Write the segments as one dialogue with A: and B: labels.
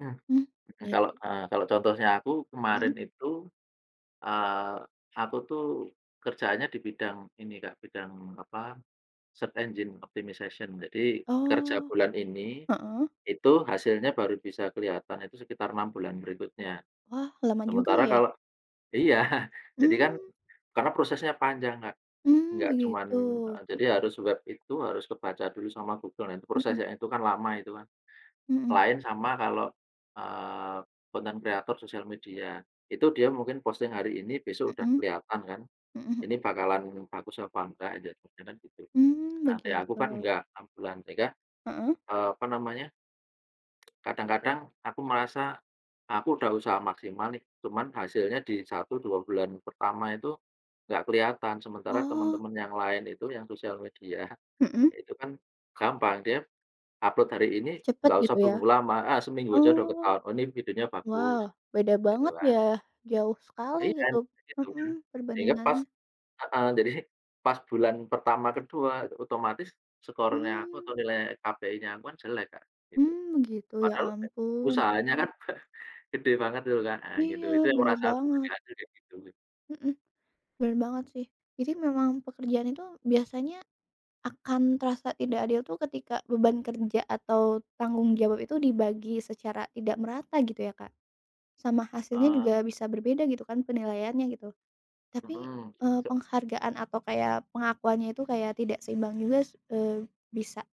A: Hmm.
B: Hmm, iya
A: Kalau,
B: ju
A: eee, kalau contohnya aku kemarin
B: Mhm.
A: itu, eee, aku tuh kerjaannya di bidang ini, Kak, bidang, apa, search engine optimization. Jadi kerja
B: Oh.
A: bulan ini,
B: Heeh.
A: itu hasilnya baru bisa kelihatan itu sekitar 6 bulan berikutnya.
B: Wah, lama juga
A: Sementara
B: ya.
A: kalau iya. Jadi kan,
B: Mmm.
A: karena prosesnya panjang, Kak,
B: Mmm,
A: enggak cuma
B: begitu,
A: heeh, jadi
B: mhm.
A: harus web itu, harus kebaca dulu sama Google. Nah, itu
B: Mhm.
A: prosesnya itu kan lama itu kan.
B: Mhm.
A: Lain sama kalau, eee, content creator social media. Itu dia mungkin posting hari ini, besok udah
B: Mhm.
A: kelihatan kan.
B: Mhm.
A: Ini bakalan bagus apa enggak, jadi kemungkinan gitu.
B: Mmm,
A: Nah, kayak aku kan
B: begitu.
A: enggak, 6 bulan sehingga,
B: Heeh.
A: eee apa namanya, kadang-kadang aku merasa, "Aku udah usaha maksimal nih, cuma hasilnya di 1, 2 bulan pertama itu enggak kelihatan. Sementara
B: Oh.
A: temen-temen yang lain itu, yang social media,
B: Mhm.
A: iya itu kan gampang." Dia upload hari ini,
B: Cepat
A: enggak usah
B: gitu ya?
A: tunggu lama, ah, seminggu aja udah
B: Oh.
A: ketahuan, "Oh, ini videonya bagus."
B: Wah, beda
A: Gitu
B: banget
A: kan.
B: ya, jauh
A: Lah,
B: sekali
A: iya kan
B: gitu.
A: begitu kan
B: Mhm,
A: sehingga pas
B: perbandingannya.
A: heeh, jadi pas bulan pertama, ke-2 itu otomatis skornya aku
B: Mmm.
A: atau nilai KPInya aku kan jelek Kak, gitu.
B: Mmm, begitu, ya
A: Padahal uda
B: ampun.
A: usahanya kan gede banget itu kan, nah gitu.
B: Iya
A: Itu yang
B: benar
A: kurasa aku tuh
B: banget.
A: jahat tuh kayak gitu.
B: Mhm. Benar banget sih. Jadi memang pekerjaan itu biasanya akan terasa tidak adil itu ketika beban kerja atau tanggung jawab itu dibagi secara tidak merata gitu ya, Kak. Sama hasilnya
A: Eee.
B: juga bisa berbeda gitu kan, penilaiannya gitu, tapi,
A: Hmm,
B: eee,
A: se
B: penghargaan atau kayak pengakuannya itu kayak tidak seimbang juga, eee, bisa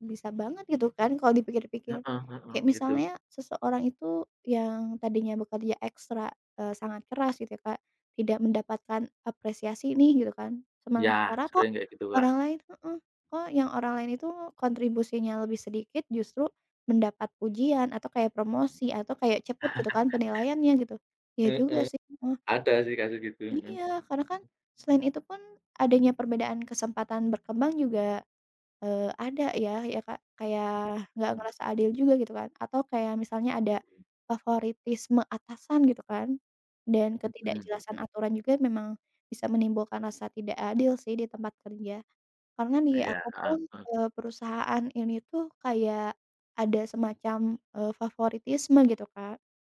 B: bisa banget gitu kan, kalau dipikir-pikir.
A: Heeh
B: Kayak
A: heeh, itu.
B: misalnya seseorang itu yang tadinya bekerja ekstra, eee, sangat keras gitu ya, Kak, tidak mendapatkan apresiasi nih gitu kan.
A: Iya,
B: Sementara kok
A: sering kayak gitu, Kak.
B: orang lain heeh, kok yang orang lain itu kontribusinya lebih sedikit, justru mendapat pujian atau kayak promosi atau kayak cepat gitu kan penilaiannya gitu. Iya juga
A: Heeh,
B: sih, heeh.
A: ada sih kasus gitu, heeh.
B: Iya, karena kan, selain itu pun adanya perbedaan kesempatan berkembang juga, eee, ada ya, ya, Kak. Kayak
A: Tapi
B: nggak
A: aku
B: ngerasa adil
A: lakukan.
B: juga gitu kan atau kayak misalnya ada favoritisme atasan gitu kan dan
A: Mhm
B: ketidakjelasan
A: mhm.
B: aturan juga memang bisa menimbulkan rasa tidak adil sih di tempat kerja karena di
A: Iya,
B: aku
A: heeh
B: pun,
A: heeh.
B: eee, perusahaan ini tuh kayak ada semacam, eee, favoritisme gitu, Kak.